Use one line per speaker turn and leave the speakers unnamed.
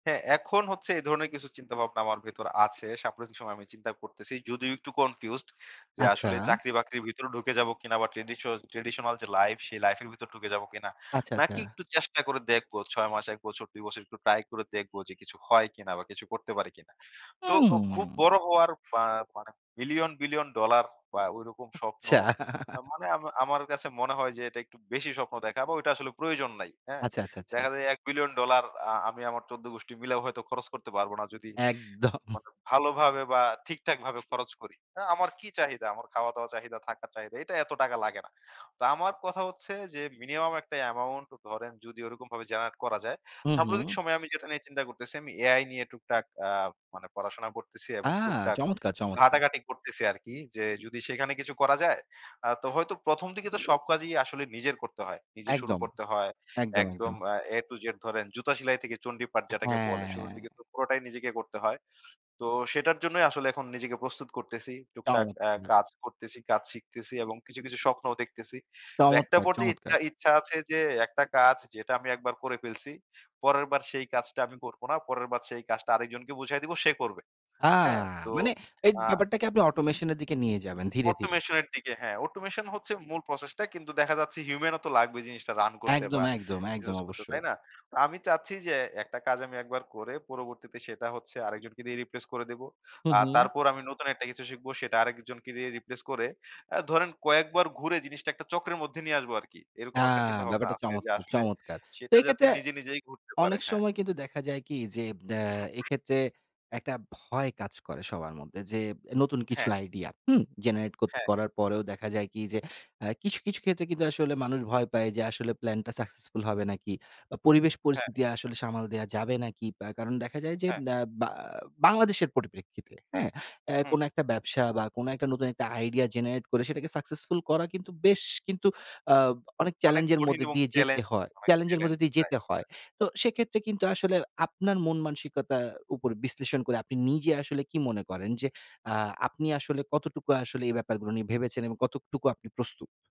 হ্যাঁ, এখন হচ্ছে এই ধরনের কিছু চিন্তাভাবনা আমার ভেতর আছে। সাম্প্রতিক সময় আমি চিন্তা করতেসি। যদিও একটু confused যে
আচ্ছা।
আসলে চাকরি-বাকরির ভেতরে ঢুকে যাব কিনা? বা traditional যে লাইফ সে লাইফের ভেতর ঢুকে যাব কিনা।
আচ্ছা,
নাকি
আচ্ছা।
একটু চেষ্টা করে দেখবো। ৬ মাস ১ বছর ২ বছর একটু ট্রাই করে দেখবো যে কিছু হয় কিনা বা কিছু করতে পারে কিনা। তো ও খুব
উম
বড় হওয়ার বা মানে বিলিয়ন, বিলিয়ন ডলার বা ওইরকম স্বপ্ন
আচ্ছা।
মানে আমা আমার কাছে মনে হয় যে এটা একটু বেশি স্বপ্ন দেখা বা ওইটা আসলে প্রয়োজন নাই। হ্যাঁ?
আচ্ছা, আচ্ছা, আচ্ছা।
দেখা যায় $১,০০০,০০০,০০০ ডলার আ আমি আমার ১৪ গুষ্ঠী মিলাও হয়তো খরচ করতে পারব না, যদি
একদম।
মনে ভালোভাবে বা ঠিকঠাকভাবে খরচ করি। অ্যা আমার কি চাহিদা আমার খাওয়া-দাওয়া চাহিদা, থাকার চাহিদাটা এইটা এতো টাকা লাগে না। তো আমার কথা হচ্ছে, যে মিনিমাম একটা amount ধরেন যদি ওরকমভাবে generate করা যায়।
হুম,
সাম্প্রতিক
হুম।
সময়ে আমি যেটা নিয়ে চিন্তা করতেসি আমি AI নিয়ে টুকটাক আ মানে পড়াশোনা করতেসি
আ
এবং টুকটাক
চমৎকার, চমৎকার!
ঘাটাঘাটি করতেসি আরকি। যে যদি সেখানে কিছু করা যায় আ তো হয়তো ১ম, দিকে তো সব কাজই আসলে নিজের করতে হয়। নিজে শুরু
একদম,
করতে হয়।
একদম,
একদম
একদম।
আ A-Z ধরেন জুতা সেলাই থেকে চন্ডীপাঠ যেটাকে
অ্যা
বলে। শুরুর দিকে
হ্যাঁ।
তো পুরোটাই নিজেকে করতে হয়। তো সেটার জন্যই আসলে এখন নিজেকে প্রস্তুত করতেসি। টুকটাক আ
চমৎকার!
কাজ করতেসি, কাজ শিখতেসি এবং কিছু, কিছু স্বপ্নও দেখতেসি। তো একটা
চমৎকার,
পর্যায়ে
চমৎকার!
ইচ্ছা, ইচ্ছা আছে যে একটা কাজ যেটা আমি একবার করে ফেলছি। পরের বার সেই কাজটা আমি করব না। পরের বার সেই কাজটা আরেকজনকে বুঝায় দিব সে করবে,
আ
হ্যাঁ তো
মানে এই
আ
ব্যাপারটাকে আপনি automation এর দিকে নিয়ে যাবেন ধীরে, ধীরে?
automation এর দিকে হ্যাঁ, automation হচ্ছে মূল process টা কিন্তু দেখা যাচ্ছে human ও তো লাগবে জিনিসটা রান করতে বা
একদম, একদম, একদম
ইউজ করতে। তাই
অবশ্যই।
না? তো আমি চাচ্ছি যে একটা কাজ আমি একবার করে পরবর্তীতে সেটা হচ্ছে আরেকজনকে দিয়ে replace করে দেব।
হুম,
আর
হুম।
তারপর আমি নতুন একটা কিছু শিখবো সেটা আরেকজনকে দিয়ে replace করে আ ধরেন কয়েকবার ঘুরে জিনিসটা একটা চক্রের মধ্যে নিয়ে আসবো আরকি। এরকম
আ
একটা চিন্তাভাবনা
ব্যাপারটা
আছে যে
চমৎকার,
আসলে
চমৎকার! তো
সেটা যাতে
এক্ষেত্রে
নিজে নিজেই ঘুরতে পারে
অনেক
হ্যাঁ।
সময় কিন্তু দেখা যায় কি যে অ্যা এক্ষেত্রে একটা ভয় কাজ করে সবার মধ্যে, যে নতুন কিছু
হ্যাঁ।
আইডিয়া হুম? generate কৎ
হ্যাঁ, হ্যাঁ।
করার পরেও দেখা যায় কি যে আ কিছু, কিছু ক্ষেত্রে কিন্তু আসলে মানুষ ভয় পায় যে আসলে প্ল্যানটা successful হবে নাকি? বা পরিবেশ
হ্যাঁ।
পরিস্থিতি আসলে সামাল দেওয়া যাবে নাকি। আ কারণ দেখা যায় যে
হ্যাঁ।
ব্যা বা বাংলাদেশের পরিপ্রেক্ষিতে হ্যাঁ, অ্যা
হুম।
কোন একটা ব্যবসা বা কোন একটা নতুন একটা আইডিয়া generate করে সেটাকে successful করা কিন্তু বেশ কিন্তু আ অনেক
অনেক
চেলেঞ্জের এর
কঠিন
মধ্যে
এবং
দিয়ে যেতে
চেলেঞ্জ
হয়।
অনেক
চেলেঞ্জ এর
চেলেঞ্জ।
মধ্যে দিয়ে
রাইট,
যেতে হয়।
হ্যাঁ।
তো সেক্ষেত্রে কিন্তু আসলে আপনার মন মানসিকতার উপর বিশ্লেষণ করে আপনি নিজে আসলে কি মনে করেন যে আ আপনি আসলে কতটুকু আসলে এই ব্যাপারগুলো নিয়ে ভেবেছেন এবং কতটুকু আপনি প্রস্তুত?